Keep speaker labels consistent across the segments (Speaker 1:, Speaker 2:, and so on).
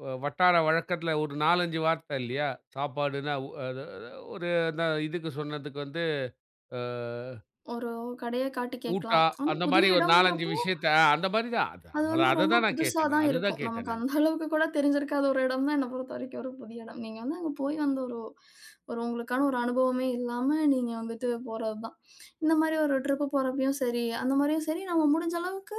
Speaker 1: வ வட்டார வழக்கத்துல ஒரு 4, 5 வார்த்த இல்லையா? சாப்பாடுன்னா ஒ அத அத ஒரு அந்த இதுக்குச் சொன்னதுக்கு வந்து, அ.
Speaker 2: ஒரோ கடய காட்டி
Speaker 1: ஊட்டா.
Speaker 2: கேட்கலாம். ஆனா
Speaker 1: அந்த
Speaker 2: புதிய
Speaker 1: மாரி ஒரு 4, 5
Speaker 2: இடம்ங்கறப்போ,
Speaker 1: விஷயத்த அந்த மாரி தான்.
Speaker 2: அது
Speaker 1: அதா
Speaker 2: வந்து ரொம்ப
Speaker 1: அததான் நான் கேட்டேன் நான்.
Speaker 2: புதுசாதான்
Speaker 1: அது தான்
Speaker 2: இருக்கும்.
Speaker 1: கேட்டே
Speaker 2: நமக்கு
Speaker 1: நான்.
Speaker 2: அந்த அளவுக்குக் கூடத் தெரிஞ்சிருக்காத ஒரு எடம் தான் என்ன பொறுத்தவரைக்கும் ஒரு புதிய இடம். நீங்க வந்து அங்க போய் அந்த ஒரு ஒரு உங்களுக்கான ஒரு அனுபவமே இல்லாம நீங்க வந்துட்டு போறதுதான். இந்த மாரி ஒரு ட்ரிப்பு போறப்பயும் சரி, அந்த மாரியும் சரி நம்ம முடிஞ்ச அளவுக்கு,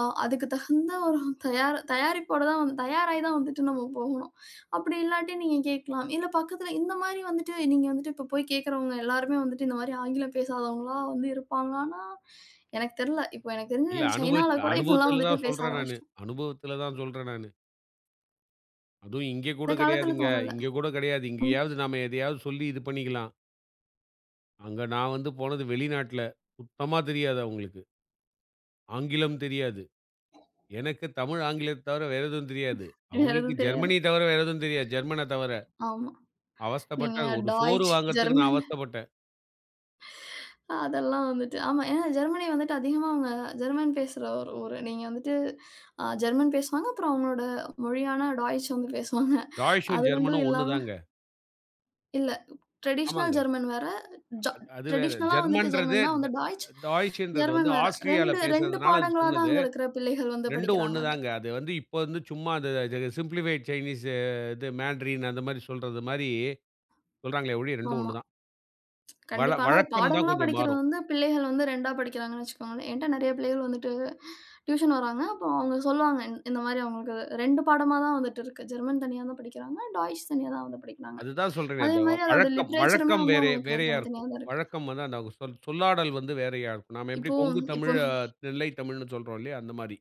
Speaker 2: அ அதுக்கு தகுந்த ஒரு தயார தயாரிப்போடதான் தயாராய்தான் வந்துட்டு நம்ம போகணும். அப்படி இல்லாட்டி நீங்க கேட்கலாம், இல்ல பக்கத்துல இந்த மாதிரி வந்துட்டு நீங்க வந்துட்டு இப்போ போய்க் கேக்கறவங்க எல்லாருமே வந்துட்டு இந்த மாரி ஆங்கிலம் பேசாதவங்களா வந்து இருப்பாங்களான்னா எனக்கு தெர்ல. இப்போ எனக்கு
Speaker 1: இல்ல
Speaker 2: தெரிஞ்சு
Speaker 1: அனுபவிச்
Speaker 2: சைனால கூட இப்போ எல்லாம்
Speaker 1: அனுபவத்துல
Speaker 2: வந்துட்டு
Speaker 1: தான்
Speaker 2: பேச
Speaker 1: சொல்றேன் நானு.
Speaker 2: ஆரம்பிச்சிட்டாங்க.
Speaker 1: அனுபவத்துல தான் சொல்றேன் நானு. அதும் இங்க
Speaker 2: இந்தக்
Speaker 1: கூடக்
Speaker 2: காலத்துல
Speaker 1: கெடையாதுங்க.
Speaker 2: தோணல.
Speaker 1: இங்க கூட கெடையாது.
Speaker 2: ம்.
Speaker 1: இங்கயாவது நாம எதையாது சொல்லி இது பண்ணிக்கலாம். அங்க நான் வந்து போனது வெளிநாட்ல. சுத்தமா தெரியாது அவங்களுக்கு. ஆங்கிலம் தெரியாது. எனக்குத் தமிழ், ஆங்கிலத்த தவர வேற எதுவும் தெரியாது.
Speaker 2: வேற
Speaker 1: அவங்களுக்கு
Speaker 2: எதுவும் தெரியாது.
Speaker 1: ஜெர்மனி தவர வேற எதுவும் தெரியாது. ஜெர்மன தவர.
Speaker 2: ஆமா. நீங்க
Speaker 1: அவஸ்தப்பட்டேன், ஒரு சோறு
Speaker 2: டாய்ச்
Speaker 1: வாங்குறதுக்கு நான்
Speaker 2: ஜெர்மன்.
Speaker 1: அவஸ்தப்பட்டேன்.
Speaker 2: அதெல்லாம் வந்துட்டு, ஆமா. அ ஜெர்மனி வந்துட்டு அதிகமா அவங்க ஜெர்மன் பேசுற ஒரு ஊரு. நீங்க வந்துட்டு, அ ஜெர்மன் பேசுவாங்க. அப்புறம் அவங்களோட மொழியான டாய்ச் வந்து பேசுவாங்க.
Speaker 1: டாய்ச்சு
Speaker 2: அது 2
Speaker 1: ஜெர்மன்
Speaker 2: இல்லாம.
Speaker 1: ஒண்ணுதாங்க.
Speaker 2: இல்ல. ட்ரேடிஷ்னல்
Speaker 1: ஆமாங்க.
Speaker 2: ஜெர்மன் வேற. ஜா
Speaker 1: அ அது வேற
Speaker 2: ட்ரேடிஷ்னலா வந்துட்டு
Speaker 1: ஜெர்மன்றது.
Speaker 2: ஜெர்மன் தான்
Speaker 1: ட
Speaker 2: வந்து டாய்ச், ஜெர்மன்
Speaker 1: டாய்ச்சுன்றது
Speaker 2: வேற.
Speaker 1: ஆஸ்ட்ரியால
Speaker 2: 2, 2
Speaker 1: பேசறதுனால அது
Speaker 2: பாடங்களாதான்
Speaker 1: சொன்னது,
Speaker 2: அங்க இருக்ககுற பிள்ளைகள் வந்து
Speaker 1: 2ம்
Speaker 2: படிக்கிறாங்க அத.
Speaker 1: ஒண்ணுதாங்க. அது வந்து இப்ப வந்து சும்மா அத the simplified Chinese to Mandarin அந்த மாரி சொல்றது மாரி சொல்றாங்களே ஒழிய, 2ம்
Speaker 2: ஆமா.
Speaker 1: ஒண்ணுதான். வழ
Speaker 2: கண்டிப்பா. ஆனா, அது
Speaker 1: வழக்கம் தான்
Speaker 2: பாடங்களா
Speaker 1: கொஞ்சம்
Speaker 2: படிக்கிறது
Speaker 1: மாறும்.
Speaker 2: வந்து பிள்ளைகள் வந்து 2டா படிக்கிறாங்கன்னு வச்சுக்கோங்களேன். என்ட்ட நெறைய பிள்ளைகள் வந்துட்டு ட்யூஷன் வராங்க. அப்ப அவங்க சொல்லுவாங்க இந்த மாதிரி அவங்களுக்கு 2 பாடமாதான் வந்துட்டு இருக்கு. ஜெர்மன் தனியா தான் படிக்கிறாங்க. டாய்ச் தனியா தான் வந்து படிக்கிறாங்க.
Speaker 1: அது தான் சொல்றேனே.
Speaker 2: அதே
Speaker 1: அந்த
Speaker 2: மாதிரி அதோட
Speaker 1: வழக்கம்
Speaker 2: லிட்ரேச்சருமே
Speaker 1: வழக்கம்
Speaker 2: வந்து
Speaker 1: வேறே
Speaker 2: அவங்களுக்கு
Speaker 1: வேறயா
Speaker 2: தனித்தனியா
Speaker 1: இருக்கும்.
Speaker 2: தான் இருக்கு.
Speaker 1: வழக்கம் வந்து அந்த அவங்க சொல் சொல்லாடல் வந்து வேறயா இருக்கும். நாம எப்படி
Speaker 2: இப்போ,
Speaker 1: கொங்குத்
Speaker 2: இப்போ
Speaker 1: தமிழ்,
Speaker 2: இ
Speaker 1: நெல்லைத் தமிழ்னு சொல்றோம் இல்லையா? அந்த மாரி.